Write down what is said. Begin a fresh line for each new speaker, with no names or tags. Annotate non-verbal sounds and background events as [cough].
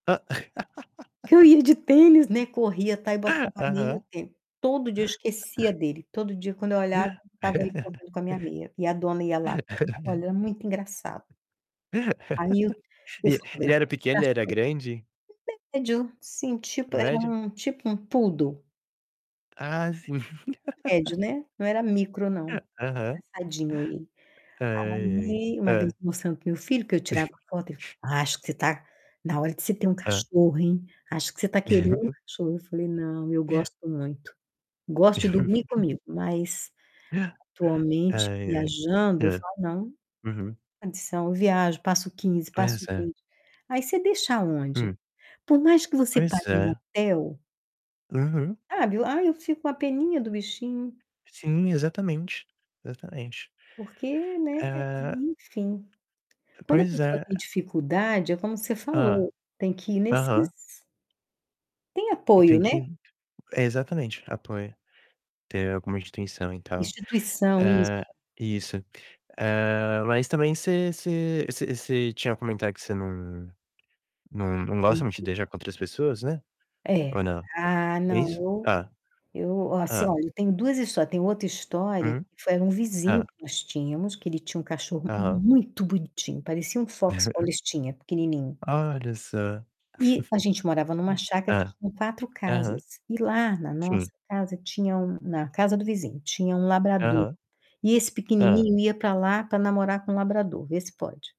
Porque eu ia de
[laughs]
tênis, né, corria, tal, e botava
[chuckles]
meia e o
Aham.
tênis. Todo dia eu esquecia
[laughs]
dele. Todo dia, quando eu olhava,
[laughs]
estava aí correndo com a minha meia. E a dona ia lá buscar. Olha, é muito engraçado. Aí eu eu
E e ele era
fotografava os
pequeno? Ele era
cachorros
grande?
[unintelligible] médio, assim, tipo, era
Médio?
um tipo um Poodle.
Ah, sim. [laughs]
Médio, né, não era micro
Aham.
não.
[chuckles]
Engraçadinho ele.
Ai, ai.
Aí, uma vez,
Hã.
eu mostrando para o meu filho que eu tirava foto e
[chuckles]
[unintelligible] "Acho que você está na hora de você ter um
Hã.
cachorro, hein, acho que você está querendo um cachorro". Eu
[chuckles]
falei: "Não, eu
[chuckles]
gosto muito", gosto de dormir
[chuckles]
comigo, mas,
[chuckles]
atualmente,
Ai, ai.
viajando, eu
Hã.
falo: não, sem
Uhum.
condição. Eu viajo, passo 15, passo
Pois é.
20. Aí você deixa aonde?
Hum.
Por mais que você
Pois
pague um
é.
hotel
Uhum.
sabe, ai, eu fico com uma peninha do bichinho.
Sim, exatamente, exatamente.
Porque, né,
Hã.
enfim,
Ah,
quando a
pois
pessoa
é.
tem dificuldade, é como você
Hã.
falou, tem que ir
Aham.
nesses Tem
É que
apoio,
tem
né.
que é, exatamente, apoio, ter alguma instituição e tal.
Instituição, isso.
Hã, isso. Hã, mas também você você você você tinha comentado que você não não não gosta muito de
[unintelligible]
deixar com outras pessoas, né,
É.
ou não?
Ah,
É
não,
isso?
eu
Ah.
eu, ó, você
Hã.
olha, eu tenho 2 história, tenho outra história,
Uhum.
que foi era um vizinho
Hã.
que nós tínhamos, que ele tinha um cachorro
Aham.
muito bonitinho, parecia um Fox Paulistinha,
[chuckles]
pequenininho
Olha só.
e a gente morava em uma
[chuckles]
chácara que
Hã.
tinha 4
Aham.
casas, e lá na nossa
Sim.
casa tinha um na casa do vizinho, tinha um labrador.
Aham.
E esse
Hã.
pequenininho ia pra lá pra namorar com um labrador, vê se pode.